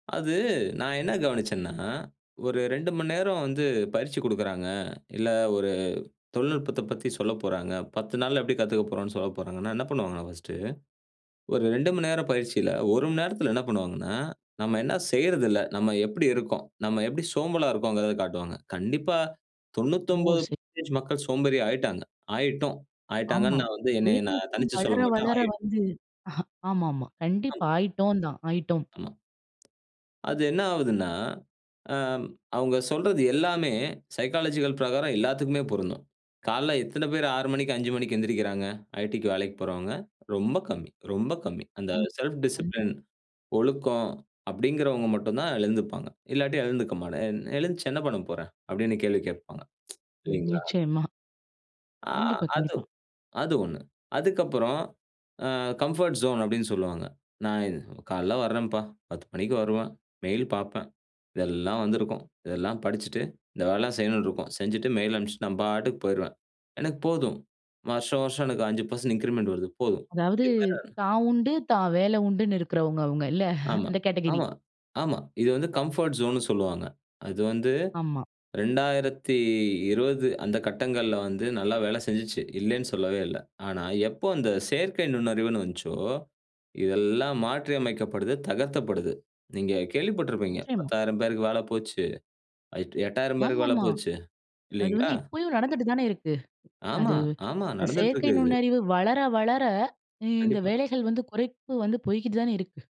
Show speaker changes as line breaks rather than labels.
அது நான் என்ன கவனிச்சன்னா, ஒரு 2 மணி நேரம் வந்து பயிற்சி கொடுக்குறாங்க. இல்ல ஒரு தொழில்நுட்பத்தப் பத்தி சொல்லப்போறாங்க 10 நாள்ல எப்டி கத்துக்க போறோம், சொல்லப்போறாங்கன்னா என்ன பண்ணுவாங்கன்னா பர்ஸ்ட் ஒரு 2 மணி நேரம் பயிற்சியில 1 மணி நேரத்துல என்ன பண்ணுவாங்கன்னா, நம்ம என்ன செய்றதில்ல, நம்ம எப்படி இருக்கோம், நம்ம எப்படி சோம்பலா இருக்கோங்கிறத காட்டுவாங்க. கண்டிப்பா தொண்ணூத்தி
ஓ!
ஒம்பது
ச
பர்சென்டேஜ் மக்கள் சோம்பேறி ஆய்ட்டாங்க. ஆய்ட்டோம்
ஆமா.
ஆய்ட்டாங்கன்னு நான் வந்து என்னை நான்
தொழில்நுட்பம்
தனிச்சு
வளர,
சொல்ல மாட்டன்
வளர
ஆய்
வந்து ஆமாமா.
ஆம்.
கண்டிப்பா. ஆய்ட்டோம் தான் ஆய்ட்டோம்.
ஆமா. அது என்ன ஆவுதுன்னா, அ, அவங்க சொல்றது எல்லாமே சைக்காலஜிக்கல் பிரகாரம் எல்லாத்துக்குமே பொருந்தும். காலைல எத்தன பேர் 6:00 மணிக்கு, 5:00 மணிக்கு எழுந்திறிக்கிறாங்க, ஐடிக்கு வேலைக்கு போறவங்க ரொம்ப கம்மி ரொம்ப கம்மி. அந்த
ம்.
செல்ஃப்
கண்டிப்
டிசிப்ளின் ஒழுக்கம் அப்டிங்கிறவங்க மட்டும்தான் எழுந்துப்பாங்க. இல்லாட்டி எழுந்துக்க மாட்ட எழு எழுந்துச்சு என்ன பண்ணப்போறேன் அப்டின்னு கேள்வி கேப்பாங்க.
ம்.
இல்லைங்களா?
நிச்சயமா.
ஆ.
கண்டிப்பா,
அது
கண்டிப்பா.
அது ஒண்ணு. அதுக்கப்புறம் அ, கம்ஃபோர்ட் ஜோன்னு அப்டின்னு சொல்லுவாங்க நான் இது காலைல வரேன்ப்பா 10 மணிக்கு வருவேன் மெயில் பாப்பேன். இதெல்லாம் வந்திருக்கும், இதெல்லாம் படிச்சிட்டு, இந்த வேலலாம் செய்ணுன்னு இருக்கும் செஞ்சுட்டு மெயில் அனுப்பிச்சுட்டு நான் பாட்டுக்கு போயிருவேன். எனக்கு போதும் வருஷம் வருஷம் எனக்கு 5% இன்கிரிமண்ட் வருது போதும்.
அதாவது,
[unintelligible]
தான் உண்டு, தான் வேல உண்டுன்னு இருக்கறவங்க அவங்க இல்ல.
ஆமா,
அந்த கேட்டகிரி
ஆமா, ஆமா. இது வந்து கம்ஃபர்ட் ஜோன்னு சொல்லுவாங்க. அது வந்து
ஆமா.
2020 அந்த கட்டங்கள்ல வந்து நல்லா வேலை செஞ்சுச்சு. இல்லைன்னு சொல்லவே இல்ல. ஆனா, எப்போ அந்த செயற்கை நுண்ணறிவுன்னு வஞ்ச்சோ, இதெல்லாம் மாற்றியமைக்கப்படுது, தகர்த்தப்படுது. நீங்க கேள்விப்பட்டிருப்பீங்க
நிச்சயமா.
10,000 பேருக்கு வேல போச்சு, அ, 8,000 பேருக்கு வேல
ஆமாமா.
போச்சு.
அது
இல்லைங்களா?
வந்து இப்பயும் நடந்துட்டு தானே இருக்கு. அது
ஆமா, ஆமா.
இந்த
நடந்துட்டு
செயற்கை
இருக்கறது.
நுண்ணறிவு வளர வளர இ இந்த
கண்டிப்பா.
வேலைகள் வந்து குறைப்பு வந்து போய்க்கிட்டு தான இருக்கு.